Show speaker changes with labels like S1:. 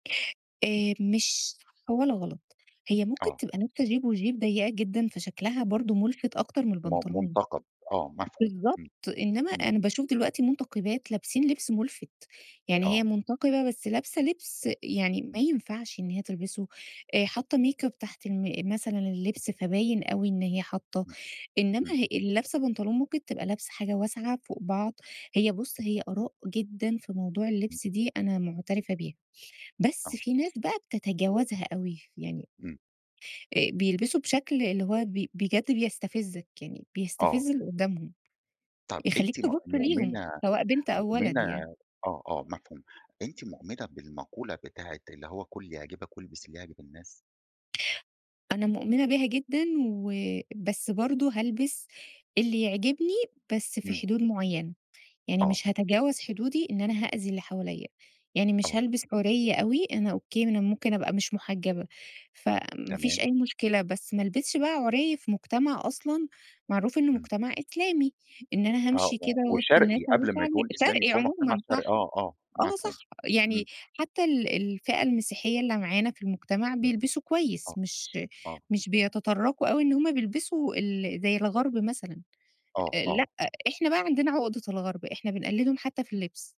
S1: آآ مش صح ولا غلط. هي ممكن
S2: آه.
S1: تبقى لابسة jupe وjupe ضيّقة جدًا فشكلها
S2: آه.
S1: برضه مُلفِت أكتر من
S2: م
S1: البنطلون.
S2: مُنتقَد. آه، مفهوم.
S1: بالضبط.
S2: إمم.
S1: إنّما
S2: إمم.
S1: أنا باشوف دلوقتي مُنتقِبات لابسين لبس مُلفت. يعني هي
S2: آه.
S1: مُنتقِبة بس لابسة لبس يعني ما
S2: إمم.
S1: ينفعش إن هي تلبسه، آآ حاطّة make up تحت الـم مثلًا اللبس فباين أوي إن هي حاطّة.
S2: إمم.
S1: إنّما
S2: إمم.
S1: ه اللي لابسة بنطلون ممكن تبقى لابسة حاجة واسعة فوق بعض. هي بُص، هي آراء جدًا في موضوع اللبس دي أنا مُعترفة بيها. بس
S2: آه.
S1: في ناس بقى بتتجاوزها أوي. يعني
S2: إمم.
S1: آآ بيلبسوا بشكل اللي هو ب بجد بيستفزّك، يعني
S2: آه.
S1: بيستفز اللي قدّامهم.
S2: طب
S1: يخلّيك
S2: أنتِ مؤ
S1: تبُص ليهم
S2: مؤمنة
S1: سواء بنت أو
S2: مؤمنة
S1: ولد يعني.
S2: آه، آه مفهوم. أنتِ مؤمنة بالمقولة بتاعة اللي هو كُل اللي يعجبك والبس اللي يعجب الناس؟
S1: أنا مؤمنة بيها جدًا و بس برضه هالبس اللي يعجبني بس في
S2: إمم.
S1: حدود معيّنة. يعني
S2: آه.
S1: مش هاتجاوز حدودي إن أنا هأذي اللي حواليّا. يعني مش
S2: آه.
S1: هالبس عُرِي أوي، أنا أوكي أنا ممكن أبقى مش مُحجّبة، فما فيش
S2: تمام.
S1: أي مشكلة. بس ما ألبسش بقى عُرِي في مجتمع أصلًا معروف إنه
S2: إمم.
S1: مجتمع إسلامي. إن أنا
S2: آه
S1: هامشي
S2: و
S1: كده وِسط الناس
S2: وشرقي
S1: أبيّن
S2: قبل ما
S1: شعري
S2: يكون إسلامي
S1: شرقي
S2: فهو مُجتمع
S1: عمومًا صح.
S2: شرقي آه، آه
S1: آه
S2: مفهوم
S1: صح. يعني
S2: إمم.
S1: حتّى ال الفئة المسيحية اللي معانا في المجتمع
S2: إمم.
S1: بيلبسوا كويس
S2: آه.
S1: مش
S2: آه.
S1: مش بيتطرّقوا أوي إن هم بيلبسوا ال زي الغَرْب مثلًا.
S2: آه،
S1: أ لأ،
S2: آه.
S1: إحنا بقى عندنا عقدة الغَرْب، إحنا بنقلّدهم حتّى في اللبس.